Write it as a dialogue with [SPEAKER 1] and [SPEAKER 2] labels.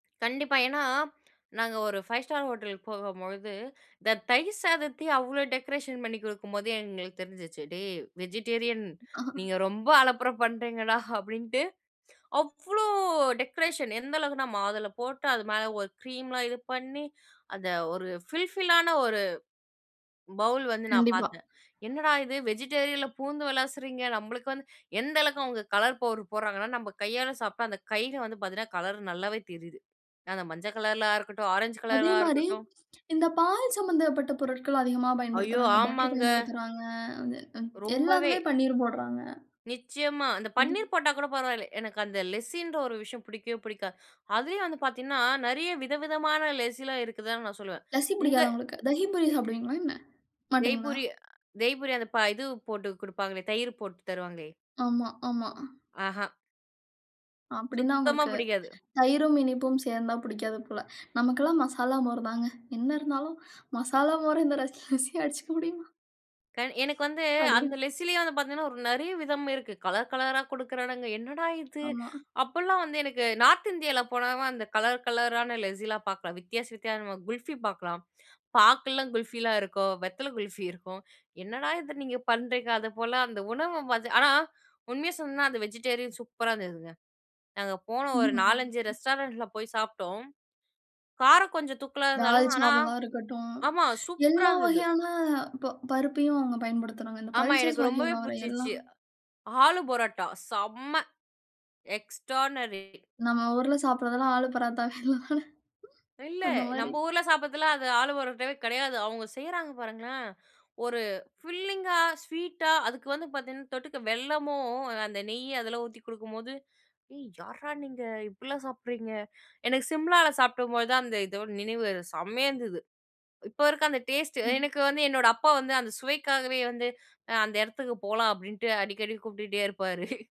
[SPEAKER 1] கண்டிப்பா. ஏன்னா, நாங்க ஒரு ஃபைவ் ஸ்டார் ஹோட்டல் போகும்பொழுது, இந்த தயிர் சாதத்தையும் அவ்வளோ டெக்கரேஷன் பண்ணிக் கொடுக்கும்போது எங்களுக்கு தெரிஞ்சிச்சு, "டேய்! வெஜிடேரியன்.
[SPEAKER 2] ஹா.
[SPEAKER 1] நீங்க ரொம்ப அலப்பர பண்ணுறீங்கடா" அப்படின்ட்டு. அவ்ளோ டெக்கரேஷன்! எந்த அளவுக்குன்னா, மாதுள போட்டு, அது மேலே ஒரு கிரீம்லாம் இது பண்ணி, அந்த ஒரு ஃபில் ஃபில்லான ஒரு பவுல் வந்து நான்
[SPEAKER 2] கண்டிப்பா.
[SPEAKER 1] பார்த்தேன். என்னடா இது! வெஜிடேரியனில பூந்து விளாசுறீங்க? நம்மளுக்கு வந்து எந்த அளவுக்கு அவங்க கலர் பவுடர் போடுறாங்கன்னா, நம்ம கையால சாப்பிட்டா அந்த கையிலயே வந்து பார்த்திங்கன்னா, கலர் நல்லாவே தெரியுது. அந்த மஞ்சள் கலர்ல ஆ இருக்கட்டும், ஆரஞ்சு
[SPEAKER 2] அதே
[SPEAKER 1] கலரா
[SPEAKER 2] மாரி,
[SPEAKER 1] இருக்கட்டும்.
[SPEAKER 2] இந்த பால் சம்மந்தப்பட்ட பொருட்கள் அதிகமா
[SPEAKER 1] ஐயோ,
[SPEAKER 2] பயன்படுத்துறாங்க, பட்டர்
[SPEAKER 1] ஆமாங்க!
[SPEAKER 2] பயன்படுத்துறாங்க, ம் வந்து
[SPEAKER 1] ரொம்பவே!
[SPEAKER 2] எல்லாத்துலயும் பன்னீர் போடுறாங்க.
[SPEAKER 1] நிச்சயமா, அந்த
[SPEAKER 2] அது
[SPEAKER 1] பன்னீர் போட்டாக் கூட பரவாயில்ல. எனக்கு அந்த லெசின்ற ஒரு விஷயம் புடிக்கவே புடிக்காது. அதுலயும் வந்து பார்த்தீங்கன்னா, நெறைய வித விதமான லெசில்லாம் இருக்குதுன்னு நான் சொல்லுவேன்.
[SPEAKER 2] லசி
[SPEAKER 1] இந்த
[SPEAKER 2] புடிக்காதா உங்களுக்கு? தகி பூரி
[SPEAKER 1] யஹ்
[SPEAKER 2] சாப்பிடுவீங்களா என்ன? மாட்டீங்களா?
[SPEAKER 1] தெய்பூரி அ தெய்பூரி. அந்த ப இது போட்டு குடுப்பாங்களே, தயிரு போட்டு தருவாங்களே?
[SPEAKER 2] ஆமா, ஆமா.
[SPEAKER 1] ஆஹா.
[SPEAKER 2] அப்படின்னா,
[SPEAKER 1] சுத்தமா
[SPEAKER 2] உங்களுக்கு
[SPEAKER 1] புடிக்காது.
[SPEAKER 2] தயிரும், இனிப்பும் சேர்ந்தா புடிக்காது போல. நமக்கெல்லாம் மசாலா மோர் தாங்க. என்ன இருந்தாலும் மசாலா மோர் இந்த லஸ் லசியா அடிச்சிக்க முடியுமா?
[SPEAKER 1] க எனக்கு வந்து
[SPEAKER 2] அப்படி.
[SPEAKER 1] அந்த லெஸ்ஸிலேயே வந்து பார்த்திங்கன்னா, ஒரு நெறைய விதம் இருக்கு, கலர் கலரா குடுக்குறானுங்க! "என்னடா இது?"
[SPEAKER 2] ஆமா.
[SPEAKER 1] அப்பல்லாம் வந்து எனக்கு நார்த் இந்தியாவில போனா அ அந்த கலர் கலரான லெஸ்ஸிலாம் பாக்கலாம், வித்தியாச வித்தியாசமா குல்ஃபி பாக்கலாம், பாக்கெல்லாம் குல்ஃபிலா இருக்கும், வெத்தல குல்ஃபி இருக்கும். என்னடா இத நீங்க பண்ணுறீங்க? அது போல, அந்த உணவு வந்து ஆனா உண்மைய சொல்லணும்னா, அது வெஜிடேரியன் சூப்பரா இருந்ததுங்க. நாங்க போனோம் ஒரு
[SPEAKER 2] ம்.
[SPEAKER 1] 4,5
[SPEAKER 2] ம்.
[SPEAKER 1] ரெஸ்டாரண்ட்டில போய் சாப்பிட்டோம். காரம் கொஞ்சம் தூக்கலா இருந்தாலும், ஆனா
[SPEAKER 2] தால்சாவலா இருக்கட்டும்.
[SPEAKER 1] ஆமா, சூப்பரா
[SPEAKER 2] எல்லா
[SPEAKER 1] இருந்தது.
[SPEAKER 2] வகையான ப பருப்பையும் அவங்க பயன்படுத்துறாங்க. இந்த
[SPEAKER 1] ஆமா,
[SPEAKER 2] பல்சஸ்
[SPEAKER 1] எனக்கு ரொம்பவே
[SPEAKER 2] வகையில வர்ற
[SPEAKER 1] புடிச்சிச்சு!
[SPEAKER 2] எல்லாம்.
[SPEAKER 1] ஆலு பரோட்டா, செம்ம! எக்ஸ்ட்ரார்டினரி.
[SPEAKER 2] நம்ம ஊருல சாப்பிடுறதெல்லாம் ஆலு பராத்தவே இல்ல தானே?
[SPEAKER 1] இல்ல,
[SPEAKER 2] அது மாரி.
[SPEAKER 1] நம்ம ஊர்ல சாப்பிடதுலாம் அது ஆலு பரோட்டவே கிடையாது! அவங்க செய்றாங்க பாருங்களேன்! ஒரு ஃபில்லிங்கா ஸ்வீட்டா, அதுக்கு வந்து பார்த்தீங்கன்னா தொட்டுக்க வெல்லமும், அந்த நெய்ய அதெல்லாம் ஊத்தி குடுக்கும்போது, "ஏய், யார்டா நீங்க! இப்படிலாம் சாப்பிடுறீங்க?" எனக்கு சிம்லாவில சாப்பிடும்போதுதான் அந்த இதோட நினைவு செம்மையா இருந்தது! இப்போ இருக்க அந்த டேஸ்ட்டு,
[SPEAKER 2] ம்.
[SPEAKER 1] எனக்கு வந்து என்னோட அப்பா வந்து அந்த சுவைக்காகவே வந்து "அந்த இடத்துக்கு போலாம்" அப்படின்ட்டு அடிக்கடி கூப்பிட்டுகிட்டே இருப்பாரு.